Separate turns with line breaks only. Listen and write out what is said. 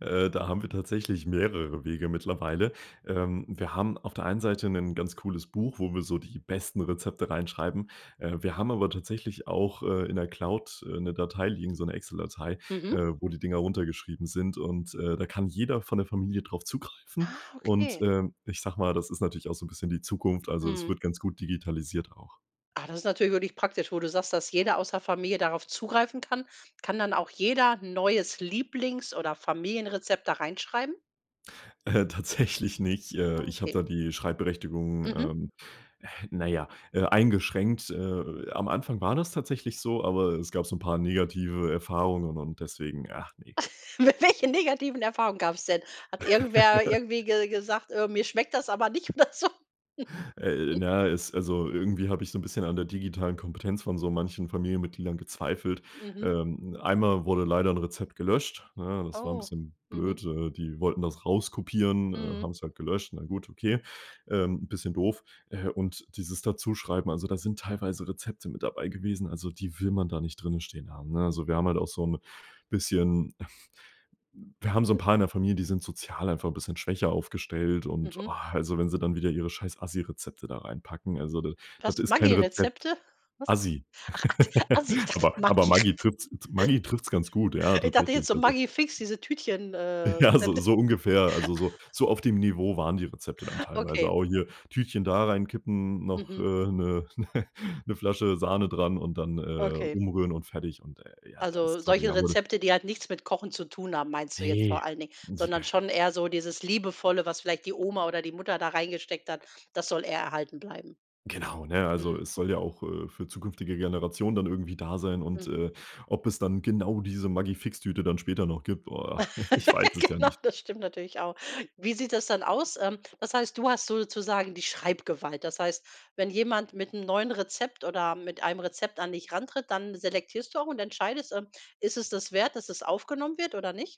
Äh, da haben wir tatsächlich mehrere Wege mittlerweile. Ähm, wir haben auf der einen Seite 'nen ganz cooles Buch, wo wir so die besten Rezepte reinschreiben. Äh, wir haben aber tatsächlich auch, äh, in der Cloud, äh, 'ne Datei liegen, so 'ne Excel Datei,
Mhm.
äh, wo die Dinger runtergeschrieben sind. Und, äh, da kann jeder von der Familie drauf zugreifen.
Ah,
Und,
okay.
ähm, ich sage mal, das ist natürlich auch so 'n bisschen die Zukunft. Also es
Mhm.
wird ganz gut digitalisiert auch.
Ah, das ist natürlich wirklich praktisch, wo du sagst, dass jeder aus der Familie darauf zugreifen kann. Kann dann auch jeder 'n neues Lieblings oder Familienrezept da reinschreiben?
Äh, tatsächlich nicht. Äh,
Ah,
ich habe
okay.
da die Schreibberechtigung,
Mhm.
ähm, naja, äh, eingeschränkt. Äh, am Anfang war das tatsächlich so, aber es gab so 'n paar negative Erfahrungen und deswegen, ach ne.
Mit welchen negativen Erfahrungen gab's denn? Hat irgendwer irgendwie ge gesagt, äh: „Mir schmeckt das aber nicht“, oder so?
Äh, na ja, es also, irgendwie habe ich so 'n bisschen an der digitalen Kompetenz von so manchen Familienmitgliedern gezweifelt.
Mhm.
Ähm, einmal wurde leider 'n Rezept gelöscht, ne? Das war 'n
Oh.
bisschen
Mhm.
blöd, äh, die wollten das rauskopieren, äh,
Mhm.
haben's halt gelöscht. Na gut, okay. Ähm, 'n bisschen doof. Äh, und dieses Dazuschreiben, also da sind teilweise Rezepte mit dabei gewesen, also die will man da nicht drinnen stehen haben, ne? Also wir haben halt auch so 'n bisschen m wir haben so 'n paar in der Familie, die sind sozial einfach 'n bisschen schwächer aufgestellt und,
Mhm.
ah, also wenn sie dann wieder ihre scheiß Asi-Rezepte da reinpacken, also de
Was,
das ist kein Rezept.
Maggi-Rezepte? Was?
Asi.
Ach, akt Asi, ich dachte
Aber
Maggi R
aber Maggi trippt's t Maggi trifft's ganz gut, ja,
Ich dachte jetzt
tatsächlich.
so
Also
Maggi Fix, diese Tütchen äh,
Ja, so
Rezepte.
so ungefähr, also so so auf dem Niveau waren die Rezepte dann teilweise.
Okay.
Auch hier Tütchen da reinkippen, noch, äh,
Mhm.
'ne 'ne 'ne Flasche Sahne dran und dann, äh,
Okay.
umrühren und fertig. Und, äh, ja, da
Also
ist sorry,
solche
ja wurde
Rezepte, die halt nichts mit Kochen zu tun haben, meinst du jetzt
Ne.
vor allen Dingen,
Die
sondern
e
schon eher so dieses liebevolle, was vielleicht die Oma oder die Mutter da reingesteckt hat, das soll eher erhalten bleiben.
Genau, ne, also
Mhm.
es soll ja auch, äh, für zukünftige Generationen dann irgendwie da sein. Und,
Mhm.
äh, ob es dann genau diese Maggi Fix-Tüte dann später noch gibt, oh, ich weiß es ja
Genau,
nicht.
das stimmt natürlich auch. Wie sieht das dann aus? Ähm, was heißt, du hast sozusagen die Schreibgewalt. Das heißt, wenn jemand mit 'n neuen Rezept oder mit einem Rezept an dich rantritt, dann selektierst du auch und entscheidest, ähm, ist es das wert, dass es aufgenommen wird oder nicht?